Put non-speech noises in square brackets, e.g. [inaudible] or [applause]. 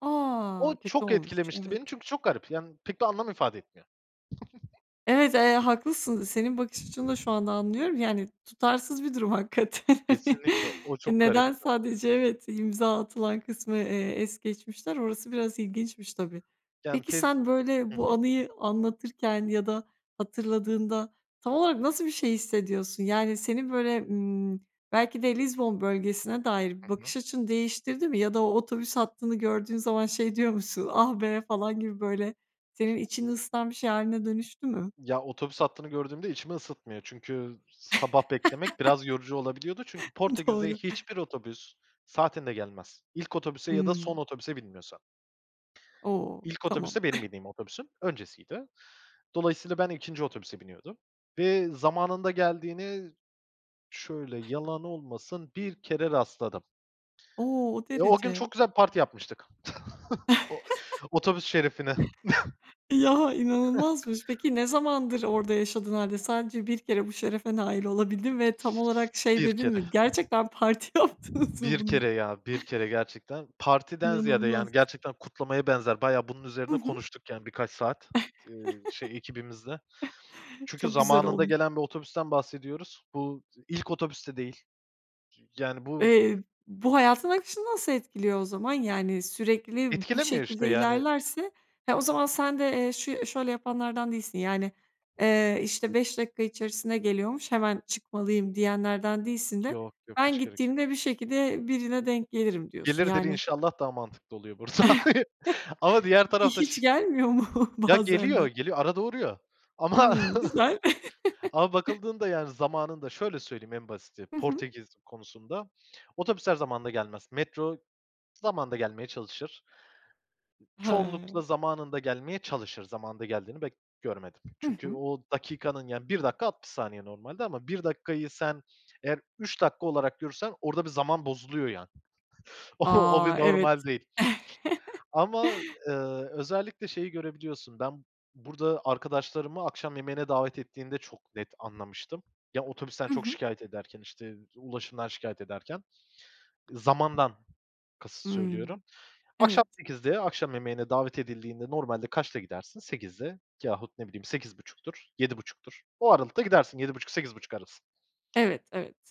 A! O Kötü çok olmuş. etkilemişti Evet. beni çünkü çok garip yani pek bir anlam ifade etmiyor. Evet, eee, haklısın. Senin bakış açını da şu anda anlıyorum. Yani tutarsız bir durum hakikaten. [chuckles] Kesinlikle, o E, çok neden garipti. sadece Evet. İmza atılan kısmı, eee, es geçmişler? Orası biraz ilginçmiş, tabii. Yani Peki tez sen, böyle, Hı bu hı. anıyı anlatırken ya da hatırladığında tam olarak nasıl bir şey hissediyorsun? Yani senin, böyle, ımm, belki de Lizbon bölgesine dair Hı hı. bakış açını değiştirdi mi ya da o otobüs hattını gördüğün zaman şey diyor musun, "Ah, be!" falan gibi böyle senin içini ısıtan bir şey hâline dönüştü mü? Ya, otobüs hattını gördüğümde içimi ısıtmıyor çünkü sabah beklemek biraz [laughs] yorucu olabiliyordu. Çünkü Portekiz'de Doğru. hiçbir otobüs saatinde gelmez. İlk otobüse ya da son Hımm. otobüse binmiyorsan. O! İlk Tamam. otobüs de benim [chuckles] bindiğim otobüsün öncesiydi. Dolayısıyla ben 2'nci otobüse biniyordum ve zamanında geldiğini -şöyle, yalan olmasın 1 kere rastladım. O! O Eee, o gün derece. çok güzel parti yapmıştık [chuckles] o [chuckles] otobüs şerefine. Ya, inanılmazmış. Peki ne zamandır orada [chuckles] yaşadığın hâlde sadece 1 kere bu şerefe nail olabildin ve tam olarak şey 1 dedin mi? kere. "Gerçekten parti yaptınız mı 1 bunun i" kere ya, 1 kere gerçekten. Partiden ziyade İnanılmaz. yani gerçekten kutlamaya benzer, bayağı bunun Hı üzerine hı. konuştuk yani birkaç saat, ııı, [chuckles] şey, ekibimizle. Çünkü Çok güzel zamanında olmu gelen bir otobüsten bahsediyoruz. Bu ilk otobüs de değil. Yani bu Eee, bu hayatın akışını nasıl etkiliyor o zaman? Yani sürekli bu Etkilemiyor şekilde işte, yani. ilerlerse he, o zaman sen de, eee, şu ya şöyle yapanlardan değilsin yani, eee, işte, 5 dakika içerisinde geliyormuş hemen çıkmalıyım diyenlerden değilsin de Yok, yok, ben hiç gerek yok. gittiğimde bir şekilde birine denk gelirim diyorsun. Gelirdir Yani inşallah daha mantıklı oluyor burada [chuckles] [unintelligible] ama diğer Hi tarafta ş hiç gelmiyor mu Ya, bazen geliyor, de? geliyor, arada uğruyor. Ama Imm, [chuckles] güzel. ama [chuckles] bakıldığında yani zamanında şöyle söyleyeyim en basiti Hı hı. Portekiz konusunda: Otobüsler zamanında gelmez. Metro zamanında gelmeye çalışır. He. Çoğunlukla zamanında gelmeye çalışır, zamanında geldiğini pek görmedim. Hı Çünkü hı. o dakikanın yani 1 dakika 60 saniye normalde ama 1 dakikayı sen eğer 3 dakika olarak görürsen orada bir zaman bozuluyor yani. [chuckles] O o A! bir Evet. normal değil. [chuckles] Ama, eee, özellikle şeyi görebiliyorsun. Ben burada arkadaşlarıma akşam yemeğine davet ettiğinde çok net anlamıştım. Ya otobüsten Hı çok hı. şikâyet ederken, işte, ulaşımdan şikâyet ederken. Iıı, zamandan kasıt söylüyorum. Hımm, Akşam evet. 20.00'de akşam yemeğine davet edildiğinde normalde kaçta gidersin? 20.00'da yahut, ne bileyim, 20.30'dur, 19.30'dur. O aralıkta gidersin, 19.30-20.30 arası. Evet, evet.